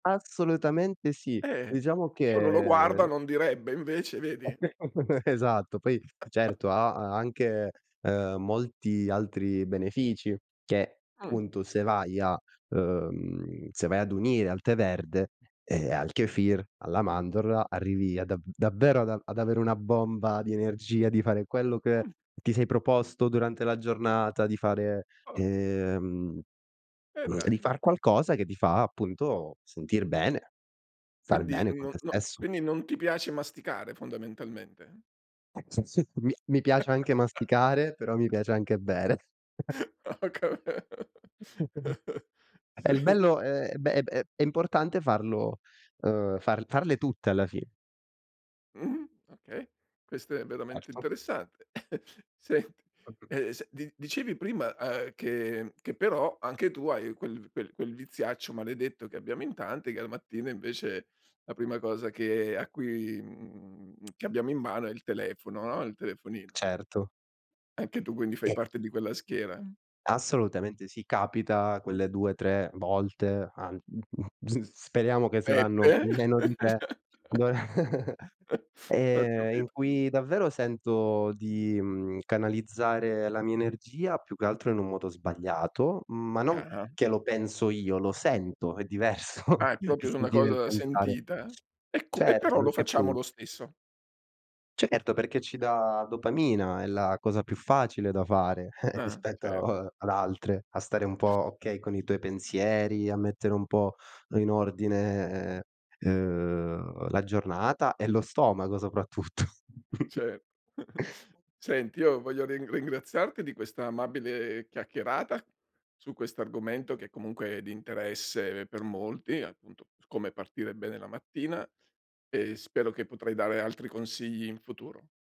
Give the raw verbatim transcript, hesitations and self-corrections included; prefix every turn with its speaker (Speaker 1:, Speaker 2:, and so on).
Speaker 1: Assolutamente sì.
Speaker 2: Eh,
Speaker 1: Diciamo
Speaker 2: che uno lo
Speaker 1: che
Speaker 2: guarda non direbbe, invece vedi?
Speaker 1: Anche secondo me Esatto, poi, certo ha anche, uhm, molti altri benefici che,
Speaker 2: Mh.
Speaker 1: punto, se vai a uhm, se vai ad unire al tè verde, ehm, al kefir, alla mandorla, arrivi a da davvero ad a ad avere una bomba di energia, di fare quello che
Speaker 2: Mh.
Speaker 1: ti sei proposto durante la giornata, di fare
Speaker 2: Ah.
Speaker 1: ehm,
Speaker 2: E
Speaker 1: di
Speaker 2: dai.
Speaker 1: far qualcosa che ti fa appunto sentir bene, star
Speaker 2: Quindi
Speaker 1: bene con
Speaker 2: no
Speaker 1: te
Speaker 2: no
Speaker 1: stesso.
Speaker 2: quindi non ti piace masticare fondamentalmente?
Speaker 1: [unintelligible] Mi mi piace anche masticare, però mi piace anche bere.
Speaker 2: Ho cap
Speaker 1: [unintelligible] E il
Speaker 2: Sì.
Speaker 1: bello è beh beh, è importante farlo uhm far farle tutte alla fi
Speaker 2: Mh. Okay. Questo è veramente
Speaker 1: Erto.
Speaker 2: interessante. Senti uhm
Speaker 1: [unintelligible]
Speaker 2: s di dicevi prima, uhm, che mhmm, che però anche tu hai quel v quel quel viziaccio maledetto che abbiamo in tanti che al mattino, invece, la prima cosa che a cui mhmm, che abbiamo in mano è il telefono, ah, il telefonino.
Speaker 1: Certo.
Speaker 2: Anche tu quindi fai parte di quella schiera?
Speaker 1: Assolutamente sì. Capita quelle due tre volte, an mhmm, mhmm, s speriamo che
Speaker 2: E
Speaker 1: saranno
Speaker 2: te?
Speaker 1: meno di tre, b
Speaker 2: Ho
Speaker 1: Ehm, in
Speaker 2: capito.
Speaker 1: cui davvero sento di, mhmm, canalizzare la mia energia più che altro in un moto sbagliato, ma non
Speaker 2: Ah-ah.
Speaker 1: che lo penso io, lo sento, è diverso
Speaker 2: Ah, è
Speaker 1: il
Speaker 2: propio su una
Speaker 1: sentire e il
Speaker 2: cosa
Speaker 1: pensare.
Speaker 2: sentita. Ecco. E
Speaker 1: Certo,
Speaker 2: però lo
Speaker 1: perché
Speaker 2: facciamo
Speaker 1: poi
Speaker 2: lo stesso.
Speaker 1: Certo, perché ci dà dopamina, è la cosa più facile da fare
Speaker 2: Ah, ce
Speaker 1: rispetto ad altre, a stare un po', okay, con i tuoi pensieri, a mettere un po' in ordine, uhm, la giornata e lo stomaco soprattutto.
Speaker 2: Ce Senti, io voglio rin ringraziarti di questa amabile chiacchierata su questo argomento che, comunque, è di interesse per molti, appunto, su come partire bene la mattina, e spero che potrei dare altri consigli in futuro.